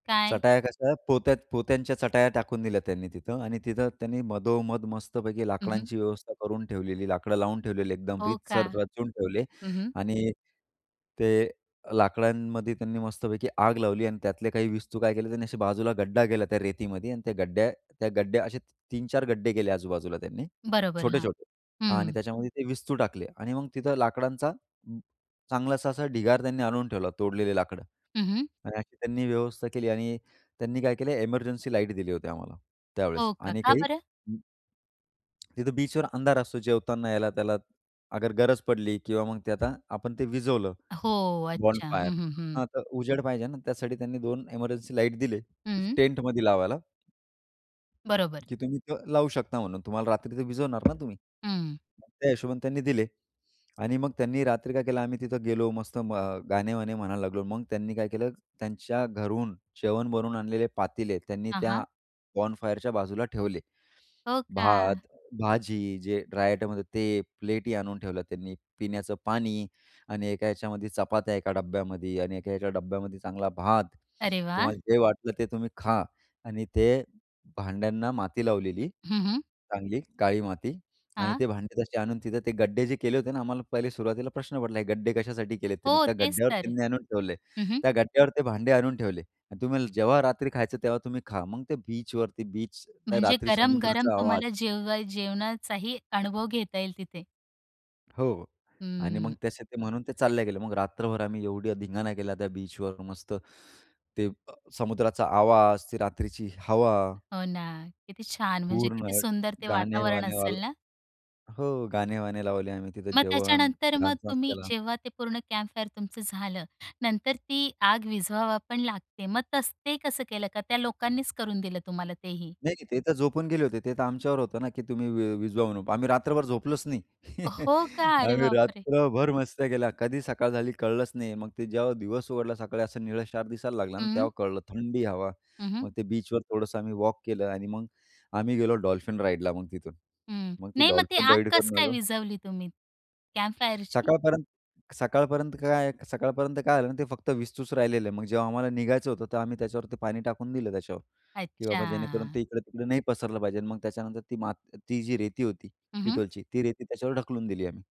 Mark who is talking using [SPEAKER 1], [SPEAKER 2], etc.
[SPEAKER 1] काय?
[SPEAKER 2] चटाया कशा पोत्यात पोत्यांच्या चटाया टाकून दिल्या त्यांनी तिथं आणि तिथं त्यांनी मधोमध मस्तपैकी
[SPEAKER 1] हं, हं.
[SPEAKER 2] लाकडांची व्यवस्था करून ठेवलेली. लाकडं लावून ठेवलेली. एकदम
[SPEAKER 1] हो का?
[SPEAKER 2] रीतसर रचून ठेवले.
[SPEAKER 1] हं, हं.
[SPEAKER 2] आणि ते लाकडांमध्ये त्यांनी मस्तपैकी आग लावली आणि त्यातले काही विस्तू काय केले त्यांनी असे बाजूला गड्डा केला त्या रेतीमध्ये. आणि त्या गड्ड्या त्या गड्ड्या असे 3-4 गड्डे केले आजूबाजूला त्यांनी.
[SPEAKER 1] बरोबर. हां,
[SPEAKER 2] छोटे-छोटे हां आणि
[SPEAKER 1] हं.
[SPEAKER 2] त्याच्यामध्ये ते विस्तू टाकले आणि मग तिथं लाकडांचा अ, चांगलासा असा ढिगार त्यांनी आणून ठेवला. तोडलेले लाकडं.
[SPEAKER 1] हं, हं.
[SPEAKER 2] आणि अशी त्यांनी व्यवस्था केली आणि त्यांनी काय केलं एमर्जन्सी लाईट दिली होती आम्हाला त्यावेळेस
[SPEAKER 1] हो का?
[SPEAKER 2] आणि
[SPEAKER 1] का
[SPEAKER 2] काही
[SPEAKER 1] बरं?
[SPEAKER 2] अ, तिथे बीचवर अंधार असतो जेवताना याला त्याला अगर गरज पडली किंवा मग ते आता आपण ते विझवलं
[SPEAKER 1] हो अच्छा!
[SPEAKER 2] बॉनफायर
[SPEAKER 1] हं ,हं, हं.
[SPEAKER 2] ...हां. तर उजेड पाहिजे ना त्यासाठी त्यांनी 2 एमर्जन्सी लाईट दिले
[SPEAKER 1] हं.
[SPEAKER 2] टेंटमध्ये लावायला.
[SPEAKER 1] बरोबर.
[SPEAKER 2] की तुम्ही लावू शकता म्हणून तुम्हाला रात्री तर विझवणार ना तुम्ही.
[SPEAKER 1] हं.
[SPEAKER 2] मग त्या हिशोबाणी त्यांनी दिले. आणि मग त्यांनी रात्री काय केलं आम्ही तिथं गेलो मस्त अ, गाणे वाणे म्हणायला लागलो. मग त्यांनी काय केलं त्यांच्या घरून जेवण बनवून आणलेले पातीले त्यांनी
[SPEAKER 1] हां,
[SPEAKER 2] त्या
[SPEAKER 1] हां.
[SPEAKER 2] बॉनफायरच्या बाजूला ठेवले.
[SPEAKER 1] हो.
[SPEAKER 2] भात,
[SPEAKER 1] का!
[SPEAKER 2] भाजी जे ड्राय आयटम होते ते, प्लेटही आणून ठेवलं त्यांनी, पिण्याचं पाणी आणि एका याच्यामध्ये चपात्या एका डब्यामध्ये आणि एका ह्याच्या डब्यामध्ये चांगला भात.
[SPEAKER 1] अरे वा!
[SPEAKER 2] तुम्हाला जे वाटलं ते तुम्ही खा आणि ते भांड्यांना माती लावलेली.
[SPEAKER 1] हं, हं.
[SPEAKER 2] चांगली काळी माती. आणि
[SPEAKER 1] हां.
[SPEAKER 2] ते भांडे तसे आणून तिथं ते गड्डे जे केले होते ना आम्हाला पहिले सुरुवातीला प्रश्न पडला गड्डे कशासाठी केले त्यांनी?
[SPEAKER 1] हो.
[SPEAKER 2] त्या
[SPEAKER 1] तेच
[SPEAKER 2] गड्ड्यावर
[SPEAKER 1] तर.
[SPEAKER 2] त्यांनी आणून ठेवले.
[SPEAKER 1] हं, हं.
[SPEAKER 2] त्या गड्ड्यावर ते भांडे आणून ठेवले आणि तुम्हाला जेव्हा रात्री खायचं तेव्हा तुम्ही खा. मग ते बीचवरती बीचचा त्या
[SPEAKER 1] म्हणजे
[SPEAKER 2] रात्री
[SPEAKER 1] गरम-गरम
[SPEAKER 2] समुद्राचा आवाज.
[SPEAKER 1] तुम्हाला जेव जेवणाचाही अनुभव घेता येईल तिथे.
[SPEAKER 2] हो. आणि मग
[SPEAKER 1] हंम्म.
[SPEAKER 2] तसे ते म्हणून ते चालले गेले. मग रात्रभर आम्ही ऐव्हढा धिंगाणा केल्या त्या बीचवर मस्त. ते अ, समुद्राचा आवाज ते रात्रीची हवा.
[SPEAKER 1] हो ना किती छान! म्हणजे
[SPEAKER 2] पूर्ण
[SPEAKER 1] किती सुंदर ते वातावरण
[SPEAKER 2] गाणे-वाणे वाल
[SPEAKER 1] असेल ना?
[SPEAKER 2] हो गाणे-वाणे लावले आम्ही. तिथं
[SPEAKER 1] मग
[SPEAKER 2] जेवण,
[SPEAKER 1] त्याच्यानंतर मग
[SPEAKER 2] डान्स वांस
[SPEAKER 1] तुम्ही
[SPEAKER 2] केला.
[SPEAKER 1] जेव्हा ते पूर्ण कॅम्पफायर तुमचं झालं. नंतर ती आग विझवावा पण लागते. मग तस ते कसं केलं का, त्या लोकांनीच करून दिलं तुम्हाला तेही?
[SPEAKER 2] नाही. ते तर झोपून गेले होते. ते तर आमच्यावर होतं ना की तुम्ही वि विझवा म्हणून. आम्ही रात्रभर झोपलोच नाही.
[SPEAKER 1] हो का! अरे
[SPEAKER 2] आम्ही
[SPEAKER 1] बाप रे!
[SPEAKER 2] रात्रभर मस्त्या केल्या. कधी सकाळ झाली कळलंच नाही. मग ते जेव्हा दिवस उघडला सकाळी असा निळशार दिसायला लागला ना तेव्हा
[SPEAKER 1] हं.
[SPEAKER 2] कळलं थंडी हवा.
[SPEAKER 1] हं, हं.
[SPEAKER 2] मग ते बीचवर थोडंसं आम्ही वॉक केलं आणि मग आम्ही गेलो डॉल्फिन राईडला मग तिथून.
[SPEAKER 1] हं.
[SPEAKER 2] मग ते
[SPEAKER 1] नाही मग ती
[SPEAKER 2] डॉल्फिन
[SPEAKER 1] आग
[SPEAKER 2] राईड
[SPEAKER 1] कस
[SPEAKER 2] करून
[SPEAKER 1] काय
[SPEAKER 2] आलो.
[SPEAKER 1] विझवली तुम्ही कॅम्पफायरची?
[SPEAKER 2] सकाळपर्यंत सकाळपर्यंत काय सकाळपर्यंत काय झालं ते फक्त विस्तूच राहिलेलं. मग जेव्हा आम्हाला निघायचं होतं तर आम्ही त्याच्यावरती पाणी टाकून दिलं त्याच्यावर. की बाबा जेणेकरून
[SPEAKER 1] अच्छा.
[SPEAKER 2] ते इकडे-तिकडे नाही पसरलं पाहिजे. मग त्याच्यानंतर ती माती ती जी रेती होती
[SPEAKER 1] हं, हं.
[SPEAKER 2] तिथलची ती रेती त्याच्यावर ढकलून दिली आम्ही.